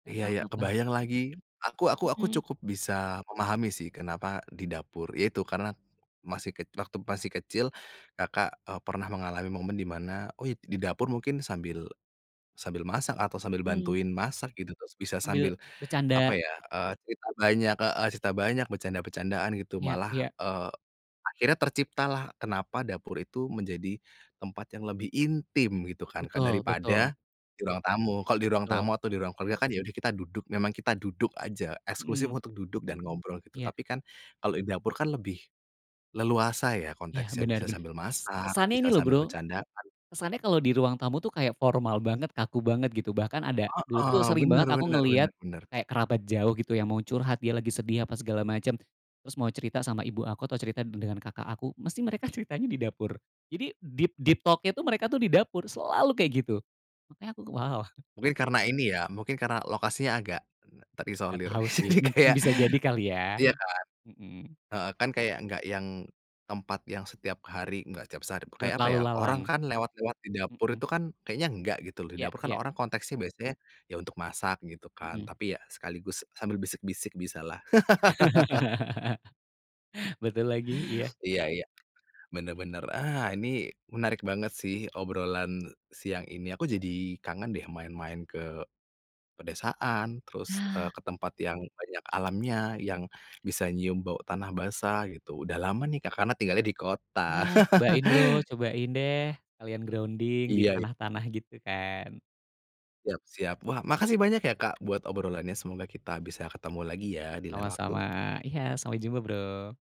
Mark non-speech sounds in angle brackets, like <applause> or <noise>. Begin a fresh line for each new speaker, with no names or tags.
Nggak tau
Ya ya,
kenapa.
kebayang lagi, aku aku aku
Mhm.
cukup bisa memahami sih kenapa di dapur ya itu karena, masih kec waktu masih kecil, Kakak, eee, pernah mengalami momen dimana. Oh, ya di dapur mungkin sambil, sambil masak atau sambil
Mhm.
bantuin masak gitu terus bisa
Sambil
sambil, apa
bercanda.
ya eee, cerita banyak heeh, cerita banyak bercanda-becandaan gitu
Ya
malah,
ya.
eee, akhirnya terciptalah kenapa dapur itu menjadi, tempat yang lebih intim gitu kan, Kak,
Betul
daripada,
betul.
di ruang tamu. Kalau di ruang tamu
Betul.
atau di ruang keluarga kan ya udah kita duduk memang kita duduk aja eksklusif
Mhm.
untuk duduk dan ngobrol gitu,
Iya.
tapi kan, kalau di dapur kan lebih, leluasa ya
Iya
konteksnya
bener
bisa
bener.
sambil
Kes
masak,
kesannya ini
bisa
loh
sambil
Bro,
bercandaan.
kesannya kalo di ruang tamu tuh kayak formal banget, kaku banget gitu, bahkan ada dulu tuh
Heeh,
sering banget
bener
aku
bener
ngeliat,
bener bener.
kayak kerabat jauh gitu yang mau curhat dia lagi sedih apa segala macem. Terus mau cerita sama ibu aku atau cerita dengan kakak aku, mesti mereka ceritanya di dapur. Jadi deep deep talk-nya tuh mereka tuh di dapur, selalu kayak gitu. Makanya aku, wow.
Mungkin karena ini ya, mungkin karena lokasinya agak, terisolir
Gatau sih
jadi
mungkin
kayak,
bisa jadi kali ya,
iya kan?
mhm.
Heeh, kan kayak enggak yang tempat yang setiap hari enggak tiap saat,
Buat
kayak apa
lalu
ya
lalang,
orang kan lewat-lewat di dapur
mhm.
itu kan kayaknya enggak gitu, di
Ya
dapur kan
ya.
orang konteksnya biasanya, ya untuk masak gitu kan
Mhm.
tapi ya sekaligus sambil bisik-bisik bisalah. <laughs>
<laughs> Betul lagi, iya.
Iya iya, bener bener, ah, ini menarik banget sih obrolan siang ini. Aku jadi kangen deh main-main ke, pedesaan terus, eee,
Nah.
ke tempat yang banyak alamnya yang bisa nyium bau tanah basah gitu udah lama nih, Kak, karena tinggalnya di kota.
Nah cobain Bro,
<laughs>
cobain deh sekalian grounding di
Iya i
tanah-tanah gitu kan.
Siap siap. Wah, makasih banyak ya, Kak, buat obrolannya semoga kita bisa ketemu lagi ya di lain
Sama-sama,
waktu.
iya sampai jumpa Bro.